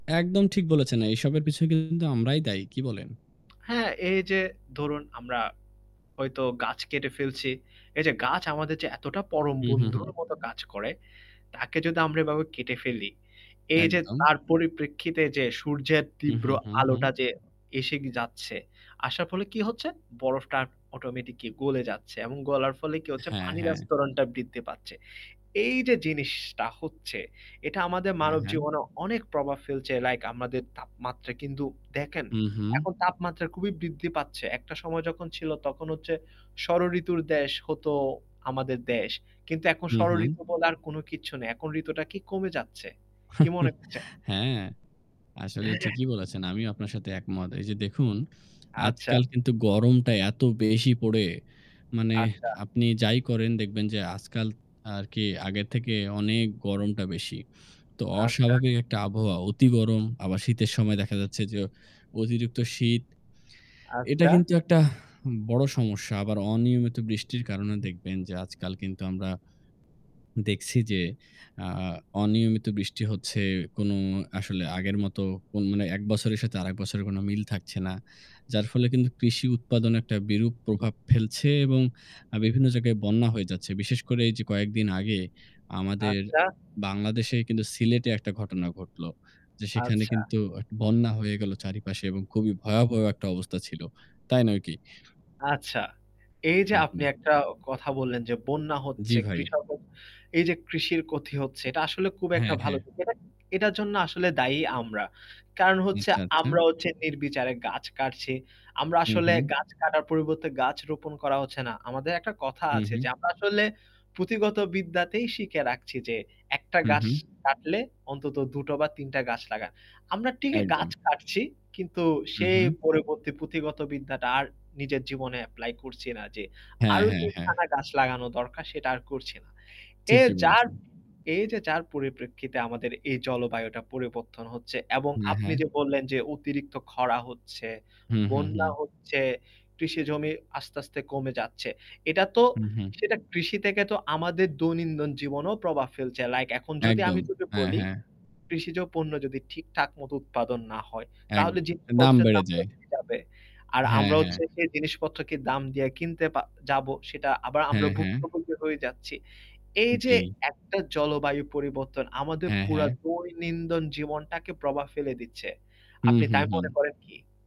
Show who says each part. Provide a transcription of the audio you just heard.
Speaker 1: একদম ঠিক বলেছেন, আ এসবের পিছনে কিন্তু আমরাই দায়ী। কি বলেন?
Speaker 2: হ্যাঁ, এই যে ধরুন আমরা হয়তো গাছ কেটে ফেলছি। এই যে গাছ আমাদের যে এতটা পরম
Speaker 1: হু, হু,
Speaker 2: বন্ধুর
Speaker 1: হু।
Speaker 2: মত কাজ করে তাকে যদি আমরা এভাবে কেটে ফেলি এই যে
Speaker 1: একদম।
Speaker 2: তার পরিপ্রেক্ষিতে যে সূর্যের
Speaker 1: হু,
Speaker 2: তীব্র
Speaker 1: হু, হু,
Speaker 2: আলোটা
Speaker 1: হু।
Speaker 2: যে এসে যাচ্ছে, আসার ফলে কি হচ্ছে বরফটা অটোমেটিকই গলে যাচ্ছে এবং গলার ফলে কি হচ্ছে,
Speaker 1: হ্যাঁ,
Speaker 2: পানির
Speaker 1: হ্যাঁ।
Speaker 2: আস্তরণটা বৃদ্ধি পাচ্ছে। এই যে জিনিসটা হচ্ছে এটা আমাদের
Speaker 1: হ্যাঁ,
Speaker 2: মানব
Speaker 1: হ্যাঁ
Speaker 2: জীবনে অনেক প্রভাব ফেলছে। লাইক আমাদের তাপমাত্রা কিন্তু দেখেন
Speaker 1: হুঁ, হুঁ।
Speaker 2: এখন তাপমাত্রা খুবই বৃদ্ধি পাচ্ছে। একটা সময় যখন ছিল তখন হচ্ছে ষড় ঋতুর দেশ হতো আমাদের দেশ। কিন্তু এখন
Speaker 1: হু,
Speaker 2: ষড়
Speaker 1: হু।
Speaker 2: ঋতু বলার কোন কিচ্ছু নেই। এখন ঋতুটা কি কমে যাচ্ছে? কি মনে করছেন?
Speaker 1: হ্যাঁ, আসলে
Speaker 2: হ্যাঁ, হ্যাঁ।
Speaker 1: ঠিকই বলেছেন, আমিও আপনার সাথে একমত। এই যে দেখুন,
Speaker 2: আচ্ছা।
Speaker 1: আজকাল কিন্তু গরমটা এত বেশি পড়ে, মানে
Speaker 2: আচ্ছা।
Speaker 1: আপনি যাই করেন দেখবেন যে আজকাল আরকি আগের থেকে অনেক গরমটা বেশি। তো
Speaker 2: আচ্ছা।
Speaker 1: অস্বাভাবিক একটা আবহাওয়া অতি গরম আবার শীতের সময় দেখা যাচ্ছে যে অতিরিক্ত শীত, এটা
Speaker 2: আচ্ছা।
Speaker 1: কিন্তু একটা বড় সমস্যা আবার অনিয়মিত বৃষ্টির কারণে দেখবেন যে আজকাল কিন্তু আমরা দেখছি যে আ অনিয়মিত বৃষ্টি হচ্ছে কোনো আসলে আগের মত কোনো এক বছরের সাথে আরেক বছরের কোন মিল থাকছে না। যার ফলে কৃষি উৎপাদনে একটা বিরূপ প্রভাব ফেলছে এবং আ বিভিন্ন জায়গায় বন্যা হয়ে যাচ্ছে। বিশেষ করে এইযে কয়েকদিন আগে আমাদের
Speaker 2: আচ্ছা।
Speaker 1: বাংলাদেশেই কিন্তু সিলেটে একটা ঘটনা ঘটলো যে সেখানে
Speaker 2: আচ্ছা।
Speaker 1: কিন্তু একটা বন্যা হয়ে গেল চারিপাশে এবং খুবই ভয়াবহ একটা অবস্থা ছিল, তাই নয় কি?
Speaker 2: আচ্ছা, এই যে
Speaker 1: হু,
Speaker 2: আপনি
Speaker 1: হু।
Speaker 2: একটা কথা বললেন যে বন্যা হচ্ছে
Speaker 1: জ্বি ভাই।
Speaker 2: কৃষক এই যে কৃষির ক্ষতি হচ্ছে এটা আসলে খুব একটা
Speaker 1: হ্যাঁ,
Speaker 2: ভালো
Speaker 1: হ্যাঁ।
Speaker 2: দিক। এটা এটার জন্য আসলে দায়ী আমরা। কারণ হচ্ছে
Speaker 1: আচ্ছা, আচ্ছা।
Speaker 2: আমরা হচ্ছে নির্বিচারে গাছ কাটছি। আমরা
Speaker 1: হু,
Speaker 2: আসলে
Speaker 1: হু।
Speaker 2: গাছ কাটার পরিবর্তে গাছ রোপণ করা হচ্ছে না। আমাদের একটা কথা
Speaker 1: হু,
Speaker 2: আছে যে
Speaker 1: হু।
Speaker 2: আমরা আসলে পুঁথিগত বিদ্যাতেই শিখে রাখছি যে একটা
Speaker 1: হু,
Speaker 2: গাছ
Speaker 1: হু।
Speaker 2: কাটলে অন্তত ২ টো বা ৩ টা গাছ লাগান। আমরা ঠিকই গাছ
Speaker 1: একদম।
Speaker 2: কাটছি কিন্তু
Speaker 1: হু,
Speaker 2: সে
Speaker 1: হু।
Speaker 2: পরবর্তী পুঁথিগত বিদ্যাটা আর নিজের জীবনে এপ্লাই করছি না যে
Speaker 1: হ্যাঁ,
Speaker 2: আরও
Speaker 1: হ্যাঁ,
Speaker 2: ৩
Speaker 1: হ্যাঁ।
Speaker 2: খানা গাছ লাগানো দরকার সেটা আর করছি না। এ
Speaker 1: ঠিকই
Speaker 2: যার
Speaker 1: বলেছেন।
Speaker 2: এই যে যার পরিপ্রেক্ষিতে আমাদের এই জলবায়ুটা পরিবর্তন হচ্ছে এবং
Speaker 1: হ্যাঁ,
Speaker 2: আপনি
Speaker 1: হ্যাঁ।
Speaker 2: যে বললেন যে অতিরিক্ত খরা হচ্ছে,
Speaker 1: হু, হু,
Speaker 2: বন্যা
Speaker 1: হু।
Speaker 2: হচ্ছে, কৃষি জমি আস্তে, আস্তে কমে যাচ্ছে। এটা তো
Speaker 1: হু, হু।
Speaker 2: সেটা কৃষি থেকে তো আমাদের দৈনন্দিন জীবনেও প্রভাব ফেলছে। লাইক এখন যদি আমি
Speaker 1: একদম,
Speaker 2: তোকে
Speaker 1: হ্যাঁ,
Speaker 2: বলি
Speaker 1: হ্যাঁ।
Speaker 2: কৃষিজ পণ্য যদি ঠিকঠাক মত উৎপাদন না হয়
Speaker 1: একদ
Speaker 2: তাহলে
Speaker 1: দাম
Speaker 2: জিনিসপত্রের
Speaker 1: বেড়ে
Speaker 2: দামটা
Speaker 1: যায়।
Speaker 2: বেড়ে যাবে। আর
Speaker 1: হ্যাঁ,
Speaker 2: আমরা
Speaker 1: হ্যাঁ।
Speaker 2: হচ্ছে সেই জিনিসপত্রকে দাম দিয়ে কিনতে পা যাবো সেটা আবার আমরা
Speaker 1: হ্যাঁ, হ্যাঁ।
Speaker 2: ভুক্তভোগী হয়ে যাচ্ছি। এই যে
Speaker 1: জ্বী।
Speaker 2: একটা জলবায়ু পরিবর্তন আমাদের
Speaker 1: হ্যাঁ,
Speaker 2: পুরা
Speaker 1: হ্যাঁ।
Speaker 2: দৈনিন্দন জীবনটাকে প্রভাব ফেলে দিচ্ছে।
Speaker 1: হু,
Speaker 2: আপনি
Speaker 1: হু,
Speaker 2: তাই মনে
Speaker 1: হু।
Speaker 2: করেন কি?